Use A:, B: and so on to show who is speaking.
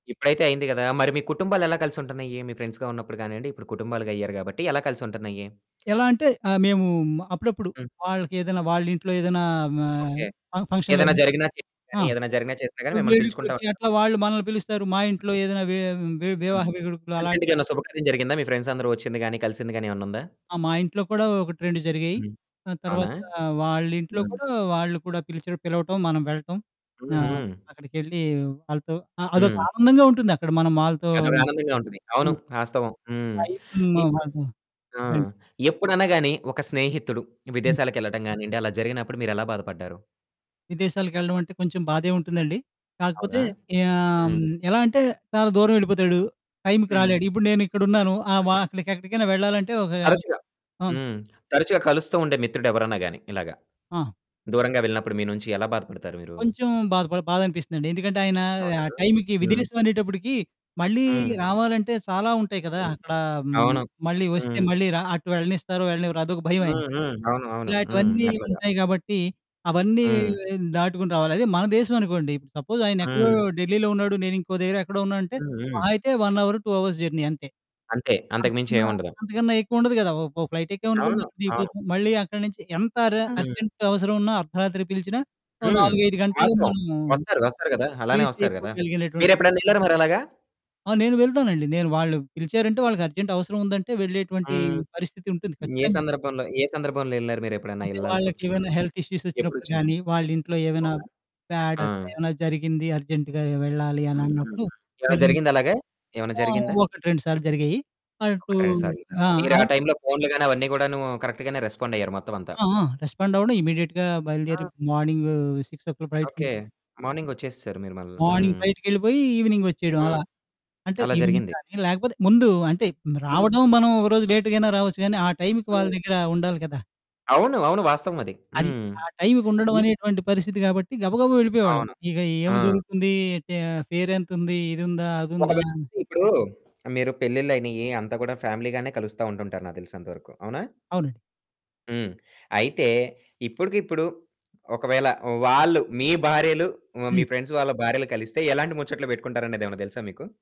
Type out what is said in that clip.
A: ఇప్పుడైతే అయింది కదా! మరి మీ కుటుంబాలేలా కలిసుంటున్నాయి? మీ ఫ్రెండ్స్‌గా ఉన్నపుడు కానండి, ఇప్పుడు కుటుంబాలు గయ్యారు కాబట్టి, ఎలా కలిసి ఉంటున్నాయి?
B: ఎలా అంటే, ఆహ్, మేము అప్పుడప్పుడు
A: హ్మ్.
B: వాళ్ళకేదైనా వాళ్ళ ఇంట్లో ఏదైనా మా
A: ఓకే.
B: ఫ ఫంక్షన్‌లో
A: ఏదైనా
B: ఏమైనా
A: జరిగినా చేసినా కి
B: గాని ఆ!
A: గాని, ఏదైనా జరిగినా చేసినా గాని, మిమ్మల్ని పిలుచుకుంటా
B: వేడుకలకి
A: ఉంటారు.
B: అట్లా వాళ్ళు మనల్ని పిలుస్తారు. మా ఇంట్లో ఏదైనా వే వే
A: హ్మ్.
B: వివాహ వేడుకలు
A: రీసెంట్‌గా
B: అలాంటివి
A: ఏమైనా శుభకార్యం జరిగిందా? మీ ఫ్రెండ్స్ అందరూ వొచ్చింది గాని, కలిసింది గాని, ఏమన్నా ఉందా?
B: ఆ! మా ఇంట్లో కూడా 1, 2 జరిగాయి.
A: హ్మ్.
B: ఆ
A: అవునా?
B: తర్వాత వాళ్ళ ఇంట్లో
A: హ్మ్.
B: కూడా వాళ్ళు కూడా పిలిచు పిలవటం, మనం వెళ్ళటం.
A: హుహు.
B: ఆహ్, అక్కడికెళ్ళి వాళ్ళతో ఆహ్, అదొక
A: హ్మ్.
B: ఆనందంగా ఉంటుందక్కడ మనం వాళ్ళతో
A: అదొక ఆనందంగా ఉంటది. అవును
B: హ్మ్.
A: వాస్తవం, హ్మ్.
B: టైమ్
A: ఇపుడు
B: వాళ్ళతో
A: ఆ!
B: ఫ్రెండ్స్.
A: ఎప్పుడైనా గాని, ఒక స్నేహితుడు
B: హ్మ్.
A: విదేశాలకేళ్ళడం గానియండి. అలా జరిగినప్పుడు, మీరు ఎలా బాధపడ్డారు.
B: విదేశాలకేళ్ళడం అంటే, కొంచెం బాధే ఉంటుందండి. కాకపోతే
A: అవునా?
B: ఆమ్,
A: హ్మ్.
B: ఎలా అంటే, చాలా దూరం వెళ్ళిపోతాడు, టైమ్‌కి
A: హ్మ్.
B: రాలేడు, ఇప్పుడు నేను ఇక్కడ ఉన్నాను. ఆహ్,
A: హ్మ్.
B: మా అక్కడికేక్కడికైనా వెళ్ళాలంటే ఒకా
A: తరచుగా
B: హ్మ్
A: హ్మ్, తరచుగా కలుస్తూ ఉండే మిత్రుడు ఎవరనా గాని ఇలాగా,
B: ఆ!
A: దూరంగా వెళ్ళినప్పుడు మీ నుంచి ఎలా బాధపడతారు మీరు?
B: కొంచెం బాధ పడి బాధ అనిపిస్తుందండి. ఎందుకంటే ఆయన
A: అవునా?
B: ఆ టైమ్‌కి
A: హ్మ్.
B: విదేశం అనేటప్పటికి, మళ్ళీ
A: హ్మ్.
B: రావాలంటే చాలా ఉంటాయి కదా!
A: హ్మ్.
B: అక్కడ హ్మ్,
A: అవును.
B: మళ్ళీ వొస్తే,
A: హ్మ్.
B: మళ్ళీ ర అటు వెళ్ళనిస్తారు, వెళ్ళనివ్వరు అదొక భయం
A: హ్మ్.
B: ఆయనకి.
A: హ్మ్. అవును. అవును హ్మ్.
B: ఇలాంటివన్నీ
A: అట్లాగా.
B: ఉంటాయి గాబట్టి, అవన్నీ
A: హ్మ్.
B: దాటుకొని రావాలి. అదే మన దేశం అనుకోండి. సపోజ్ ఆయన ఎక్కడో
A: హ్మ్.
B: ఢిల్లీలో ఉన్నాడు, నేను ఇంకో దగ్గర ఎక్కడో ఉన్నా అంటే,
A: హ్మ్. హ్మ్.
B: మహా అయితే 1 అవర్ 2 అవర్స్ జర్నీ అంతే.
A: అంతే అంతకు
B: అంతకన్నా,
A: మించేముండదు.
B: అంతకన్నా ఎక్కువ ఉండదు కదా! ఓ ఓ ఫ్లైటేక్కామనుకోండి,
A: అవును.
B: అక్కడ
A: అవును.
B: దిగిపోతాం. మళ్ళీ అక్కడి నించి ఎంత ర
A: హ్మ్.
B: అర్జెంట్ అవసరం ఉన్నా, అర్ధరాత్రి పిలిచినా, ఓ
A: హ్మ్.
B: 4, 5 గంటల్లో
A: వాస్తవం.
B: మనము
A: వొస్తారు, వొస్తారు కదా! అలానే
B: ప్రీతి
A: వొస్తారు
B: ఎక్కువ
A: కదా!
B: కలిగినటువంటి
A: మీరేప్పుడైనా ఏళ్లారా మరలాగా?
B: ఆ! నేను వెళ్తానండి. నేను వాళ్ళు పిలిచారు అంటే, వాళ్ళకి అర్జెంట్ అవసరముందంటే, వెళ్ళేటువంటి
A: హ్మ్.
B: పరిస్థితి ఉంటుంది
A: ఏ
B: ఖచ్చితంగా.
A: సందర్భంలో, ఏ సందర్భంలో ఏళ్లారు? మీరేప్పుడైనా
B: అంటే వాళ్ళకేమైనా
A: ఏళ్ళాల్సొచ్చినప్పుడు?
B: హెల్త్ ఇష్యూస్ వొచ్చినప్పుడు
A: ఎప్పుడొచ్చింది?
B: గానీ, వాళ్ళ ఇంట్లో ఏమైనా
A: అవునా?
B: బ్యాడ్
A: ఆ!
B: అట్లా ఏమైనా జరిగింది అర్జెంట్‌గా నేనూ వెళ్ళాలి అని
A: హ్మ్. హ్మ్. హ్మ్.
B: అన్నప్పుడు
A: ఏమైనా
B: వెళ్ళి
A: జరిగిందాలాగా? ఏమన్నా
B: ఆ!
A: జరిగిందా?
B: 1, 2 సార్లు జరిగాయి. అటూ
A: 1, 2 సార్లు.
B: ఆ!
A: మీరు ఆ
B: అది
A: టైమ్‌లో ఫోన్లు గాని, అవన్నీ కూడాను కరెక్ట్‌గానే రెస్పాండ్ అయ్యారు మొత్తం అంతా.
B: ఆ! ఆ! రెస్పాండ్ అవ్వడం, ఇమ్మీడియేట్‌గా బయలుదేరి
A: ఆ!
B: Morning 6:00
A: okay.
B: ఫ్లైయిట్‌‌కెళ్ళిపోయి.
A: మార్నింగ్ వొచ్చేసేసారు మీరు మళ్ళా.
B: మార్నింగ్
A: హ్మ్.
B: ఫ్లైట్‌కేళ్ళిపోయి ఈవెనింగ్ వచ్చేయడం అలా.
A: హ్మ్.
B: అంటే
A: అలా
B: ఈవెనింగ్
A: జరిగింది.
B: గానీ, లేకపోతే ముందు అంటే,
A: హ్మ్.
B: రావడం మనం ఒక రోజు లేట్‌గా అయినా రావొచ్చు గానీ, ఆ టైమ్‌కి వాళ్ళ
A: హ్మ్.
B: దగ్గర ఉండాలి కదా!
A: అవును. అవును. వాస్తవం అది.
B: అది.
A: హ్మ్.
B: ఆ టైమ్‌కి ఉండడం
A: ఈ
B: అనేటటువంటి పరిస్థితి కాబట్టి గబగబా వెళ్ళిపోయేవాళ్ళం.
A: అవును.
B: ఇక ఏమి
A: ఆ!
B: జరుగుతుంది టే ఫేరేంతుంది? ఇదుందా? అదుందా
A: ఒకవేళ
B: అని.
A: ఇప్పుడు మీరు పెళ్ళిళ్ళు అయినాయి, అంతా కూడా ఫ్యామిలీ గానే కలుస్తా ఉంటుంటారు నాకు తెలిసినంతవరకు, అవునా?
B: అవునండి.
A: హ్మ్. అయితే ఇప్పడుకిప్పుడు, ఒకవేళ వాళ్ళు, మీ భార్యలు వ మీ
B: హ్మ్.
A: ఫ్రెండ్స్ వాళ్ళ భార్యలు కలిస్తే ఎలాంటి ముచ్చట్లు పెట్టుకుంటారనేదేమన్నా తెలుసా మీకు?